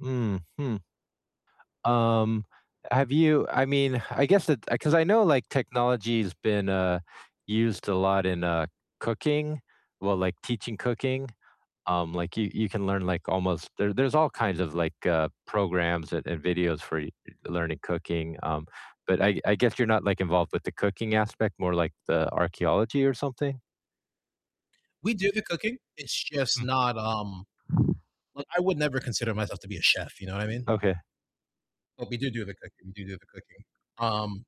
Mhm. Um, have you I mean, I guess it 'cause I know like technology's been, uh, used a lot in, uh, cooking, well, like teaching cooking, um, like, you you can learn, like, almost there there's all kinds of, like, uh, programs and and videos for y learning cooking, um, but I I guess you're not, like, involved with the cooking aspect, more like the archeology or something? We do the cooking. It's just Hmm. not, um like, I would never consider myself to be a chef, you know what I mean? Okay. But we do do the cooking do do the cooking. Um,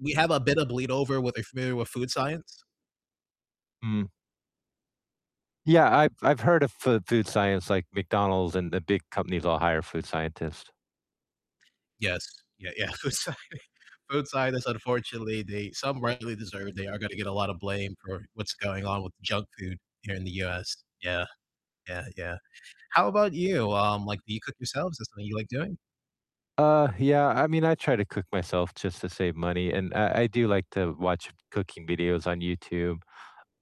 we have a bit of bleed over with are you familiar with food science? Hmm. Yeah, I've I've heard of f food science, like McDonald's and the big companies all hire food scientists. Yes. Yeah, yeah. I'm sorry food scientists, unfortunately they some rightly deserved, they are gonna get a lotta blame for what's going on with the junk food here in the US, yeah, yeah, yeah. How about you, um, like do you cook yourselves? Is that something you like doing? Uh, yeah, I mean, I try to cook myself just to save money, and I I do like to watch cooking videos on YouTube,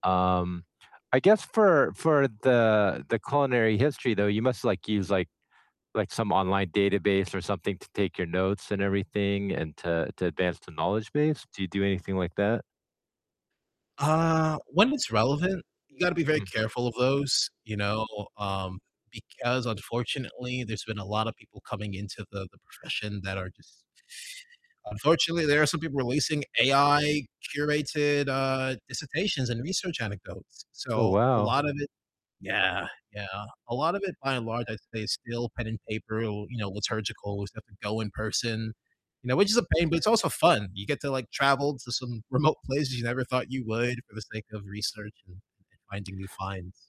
um, I guess for for the the culinary history though, you must, like, use, like like, some online database or something to take your notes and everything and to to advance the knowledge base. Do you do anything like that? Uh, when it's relevant, you gotta be very Hmm. careful of those, you know, um, because unfortunately there's been a lotta people coming into the the profession that are just unfortunately, there are some people releasing AI curated, uh, dissertations and research anecdotes, Oh, so, a wow. lot of it Yeah, yeah, a lot of it, by and large, I'd say is still pen and paper or, you know, liturgical, we still have to go in person, you know, which is a pain, but it's also fun, you get to, like, travel to some remote places you never thought you would for the sake of research and finding new finds.